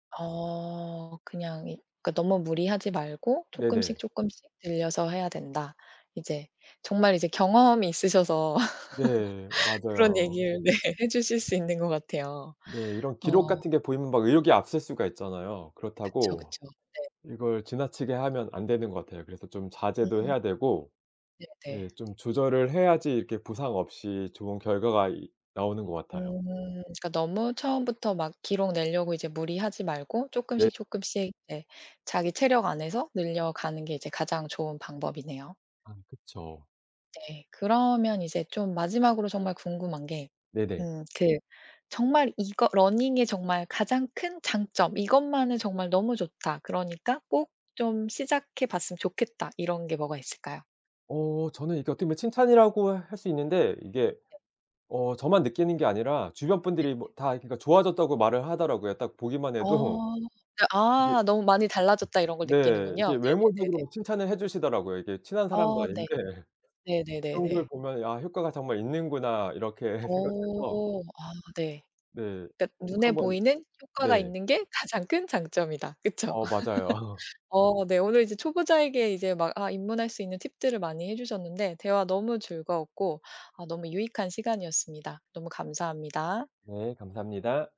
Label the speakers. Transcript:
Speaker 1: 어. 그냥 이 그러니까 너무 무리하지 말고 쪼끔씩,
Speaker 2: 네네.
Speaker 1: 쪼끔씩 늘려서 해야 된다. 이제 정말 이제 경험이 있으셔서
Speaker 2: 네.
Speaker 1: 그런
Speaker 2: 맞아요.
Speaker 1: 얘기를 네 해 주실 수 있는 것 같아요.
Speaker 2: 네. 이런 기록
Speaker 1: 어.
Speaker 2: 같은 게 보이면 막 의욕이 앞설 수가 있잖아요.
Speaker 1: 그쵸,
Speaker 2: 그렇다고
Speaker 1: 그쵸. 네.
Speaker 2: 이걸 지나치게 하면 안 되는 것 같아요. 그래서 좀 자제도
Speaker 1: 음.
Speaker 2: 해야 되고
Speaker 1: 네네.
Speaker 2: 네 좀 조절을 해야지 이렇게 부상 없이 좋은 결과가 이 나오는 것 같아요.
Speaker 1: 음. 그러니까 너무 처음부터 막 기록 내려고 이제 무리하지 말고
Speaker 2: 네.
Speaker 1: 쪼끔씩, 쪼끔씩 네 자기 체력 안에서 늘려가는 게 이제 가장 좋은 방법이네요.
Speaker 2: 아 그쵸.
Speaker 1: 네. 그러면 이제 좀 마지막으로 정말 궁금한 게
Speaker 2: 네네.
Speaker 1: 음 그 정말 이거 러닝의 정말 가장 큰 장점 '이것만은 정말 너무 좋다. 그러니까 꼭 좀 시작해 봤으면 좋겠다.' 이런 게 뭐가 있을까요?
Speaker 2: 어 저는 이게 어떻게 보면 칭찬이라고 할 수 있는데 이게
Speaker 1: 네.
Speaker 2: 어 저만 느끼는 게 아니라 주변
Speaker 1: 네.
Speaker 2: 분들이 뭐 다 그러니까 좋아졌다고 말을 하더라고요. 딱 보기만 해도
Speaker 1: 어. 네
Speaker 2: 이게
Speaker 1: 아 너무 많이 달라졌다 이런 걸
Speaker 2: 네.
Speaker 1: 느끼는군요.
Speaker 2: 이렇게 외모적으로
Speaker 1: 네네네네.
Speaker 2: 막 칭찬을 해 주시더라고요, 이게 친한 사람도
Speaker 1: 어 네.
Speaker 2: 아닌데 그런 걸
Speaker 1: 네네네네.
Speaker 2: 보면 '아 효과가 정말 있는구나.' 이렇게 생각해서
Speaker 1: 어. 아 네.
Speaker 2: 네.
Speaker 1: 그러니까
Speaker 2: 꼭
Speaker 1: 눈에
Speaker 2: 한번
Speaker 1: 보이는 효과가
Speaker 2: 네.
Speaker 1: 있는 게 가장 큰 장점이다. 그쵸.
Speaker 2: 어 맞아요.
Speaker 1: 어 네 오늘 이제 초보자에게 이제 막 아 입문할 수 있는 팁들을 많이 해 주셨는데 대화 너무 즐거웠고 아 너무 유익한 시간이었습니다. 너무 감사합니다.
Speaker 2: 네. 감사합니다.